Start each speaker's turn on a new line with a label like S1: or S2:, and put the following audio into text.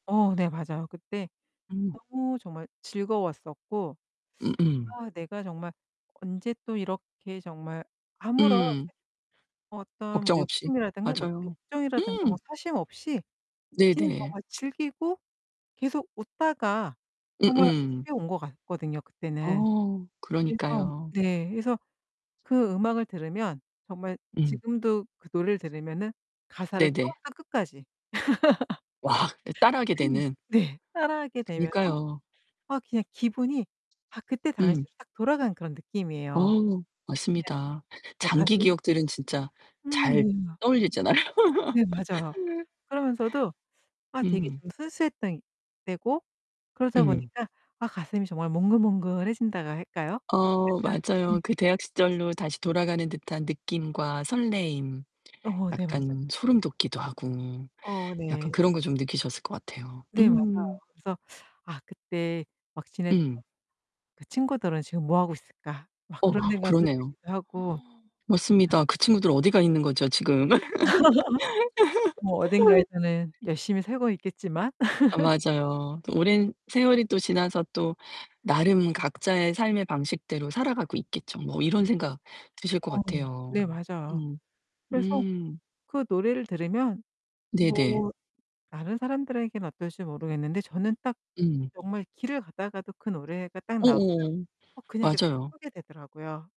S1: 어 네, 맞아요. 그때
S2: 음.
S1: 너무 정말 즐거웠었고
S2: 음음.
S1: 아 내가 정말 언제 또 이렇게 정말 아무런
S2: 음.
S1: 어떤 뭐
S2: 걱정 없이.
S1: 욕심이라든가 네
S2: 맞아요.
S1: 욕정이라든가 뭐
S2: 음.
S1: 사심 없이 그냥
S2: 네네.
S1: 정말 즐기고 계속 웃다가 정말
S2: 음음.
S1: 집에 온 것 같거든요 그때는.
S2: 어,
S1: 그래서
S2: 그러니까요.
S1: 네 그래서 그 음악을 들으면 정말
S2: 음.
S1: 지금도 그 노래를 들으면은 가사를
S2: 네네.
S1: 처음부터 끝까지
S2: 와, 그 따라하게
S1: 그냥
S2: 되는.
S1: 네 따라하게 되면서
S2: 그니까요.
S1: 아 그냥 기분이 막 그때
S2: 음.
S1: 당시로 딱 돌아간 그런
S2: 어,
S1: 느낌이에요. 그냥
S2: 맞습니다.
S1: 네
S2: 장기
S1: 가슴이
S2: 기억들은 진짜
S1: 음
S2: 잘
S1: 네 막
S2: 떠올리잖아요.
S1: 네, 맞아요. 그러면서도 아 되게
S2: 음.
S1: 좀 순수했던 때고 그러다
S2: 음.
S1: 보니까 아 가슴이 정말 몽글몽글해진다고 할까요? 약간
S2: 어
S1: 네.
S2: 맞아요. 그 대학 시절로 다시 돌아가는 듯한 느낌과 설레임
S1: 어 네, 맞아요.
S2: 약간 소름 돋기도 하고
S1: 어
S2: 약간
S1: 네.
S2: 그런 거 좀 느끼셨을 것 같아요.
S1: 네 맞아요.
S2: 음.
S1: 그래서 '아 그때 막 지냈던
S2: 음.
S1: 그 친구들은 지금 뭐하고 있을까?' 막
S2: 어
S1: 그런 생각도
S2: 그러네요.
S1: 들기도 하고 [unintelligible]
S2: 맞습니다. 그 친구들 어디 가 있는 거죠 지금?
S1: 뭐 어딘가에서는 열심히 살고 있겠지만
S2: 아 맞아요. '또 오랜 세월이 또 지나서 또 나름 각자의 삶의 방식대로 살아가고 있겠죠.' 뭐 이런 생각 드실 것
S1: 어 네,
S2: 같아요.
S1: 맞아요.
S2: 음
S1: 그래서
S2: 음.
S1: 그 노래를 들으면
S2: 네네.
S1: 뭐 다른 사람들에겐 어떨지 모르겠는데 저는 딱
S2: 음.
S1: 정말 길을 가다가도 그 노래가 딱 나오면
S2: 어어
S1: 어 그냥 이렇게
S2: 맞아요.
S1: 서게 되더라고요.